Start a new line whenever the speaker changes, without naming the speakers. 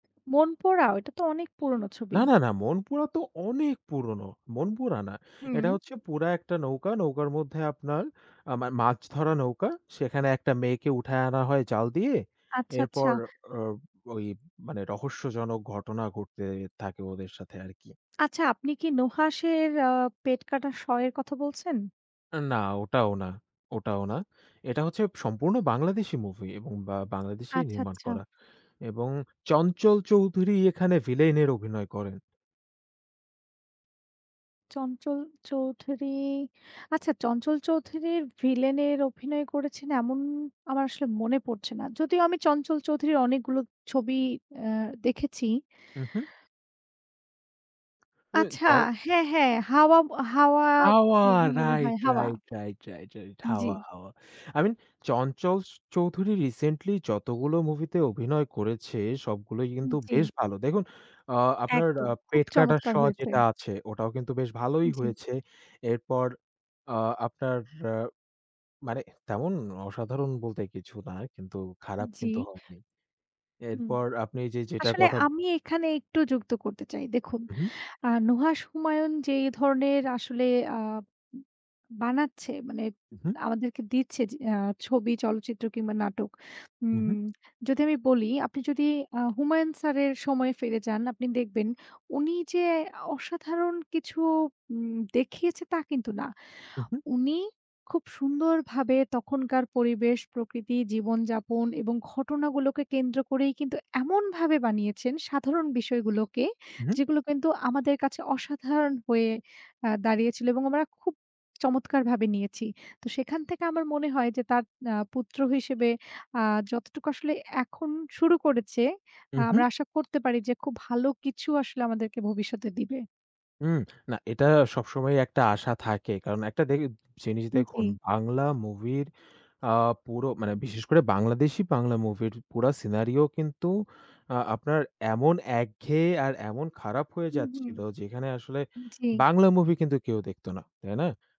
'মনপুরা'? ওইটা তো অনেক পুরনো
না,
ছবি।
না, না 'মনপুরা' তো অনেক পুরনো। 'মনপুরা' না। এটা
হুম।
হচ্ছে পুরা একটা নৌকা, নৌকার মধ্যে আপনার আ মা মাছ ধরার নৌকা। সেখানে একটা মেয়েকে উঠায় আনা হয় জাল দিয়ে।
আচ্ছা, আচ্ছা।
এরপর ও ওই মানে রহস্যজনক ঘটনা ঘটতে থাকে ওদের সাথে আর কি।
আচ্ছা, আপনি কি 'নুহাসের' আ 'পেট কাটা ষ' এর কথা বলছেন?
না ওটাও না। ওটাও না। এটা হচ্ছে সম্পূর্ণ বাংলাদেশি মুভি এবং বা বাংলাদেশেই
আচ্ছা,
নির্মাণ
আচ্ছা।
করা। এবং 'চঞ্চল চৌধুরী' এখানে ভিলেনের অভিনয় করেন।
'চঞ্চল চৌধুরী', আচ্ছা 'চঞ্চল চৌধুরীর' ভিলেন এর অভিনয় করেছেন এমন আমার আসলে মনে পড়ছে না। যদিও আমি চঞ্চল চৌধুরীর অনেকগুলো ছবি আ দেখেছি।
উহু। এ
আচ্ছা!
দ
হ্যাঁ, হ্যাঁ, হাওয়া 'হাওয়া'
'হাওয়া',
মুভি মনে হয়
রাইট,
'হাওয়া'
রাইট, রাইট, রাইট, রাইট 'হাওয়া',
জি।
'হাওয়া'। আই মিন 'চঞ্চল চ চৌধুরী' রিসেন্টলি যতগুলো মুভিতে অভিনয় করেছে সবগুলোই
উম
কিন্তু
জি।
বেশ ভালো। দেখুন আ আপনার
একদম, খুব
'পেট কাটা
চমৎকার
ষ'
হয়েছে।
যেটা আছে ওটাও কিন্তু বেশ ভালোই
জি।
হয়েছে। এরপর আ আপনার, র মানে তেমন অসাধারণ বলতে কিছু না। কিন্তু খারাপ কিন্তু
জি।
হয়নি।
হুম।
এরপর আপনি যে, যেটা
আসলে
কথা
আমি এখানে একটু যুক্ত করতে চাই। দেখুন
হু, হু।
আ 'নুহাশ হুমায়ন' যে ধরনের আসলে আ ব বানাচ্ছে মানে
হু, হু।
আমাদেরকে দিচ্ছে জ আ ছবি, চলচ্চিত্র কিংবা নাটক।
হু, হু।
উম যদি আমি বলি আপনি যদি আ 'হুমায়ন' স্যারের সময় ফিরে যান আপনি দেখবেন, উনি যে অসাধারণ কিছু উম দেখিয়েছে তা কিন্তু না।
হু, হু।
উনি খুব সুন্দরভাবে তখনকার পরিবেশ, প্রকৃতি, জীবন-যাপন এবং ঘটনাগুলোকে কেন্দ্র করেই কিন্তু এমনভাবে বানিয়েছেন, সাধারণ বিষয়গুলোকে,
হু, হু।
যেগুলো কিন্তু আমাদের কাছে অসাধারণ হয়ে আ দাঁড়িয়েছিল এবং আমরা খুব চমৎকারভাবে নিয়েছি। তো সেখান থেকে আমার মনে হয় যে, তার আ পুত্র হিসেবে আ যতটুকু আসলে এখন শুরু করেছে,
উ হু।
আমরা আশা করতে পারি যে খুব ভালো কিছু আসলে আমাদেরকে ভবিষ্যতে দিবে।
হু, না এটা সবসময় একটা আশা থাকে। কারণ একটা দেইব জিনিস দেখুন
জি।
বাংলা মুভির আ পুরো, মানে বিশেষ করে বাংলাদেশী বাংলা মুভির পুরা scenario কিন্তু আ আপনার এমন একঘেয়ে আর এমন খারাপ হয়ে
হুম, হুম।
যাচ্ছিল যেখানে আসলে
জি।
বাংলা মুভি কিন্তু কেউ দেখতো না। তাই না?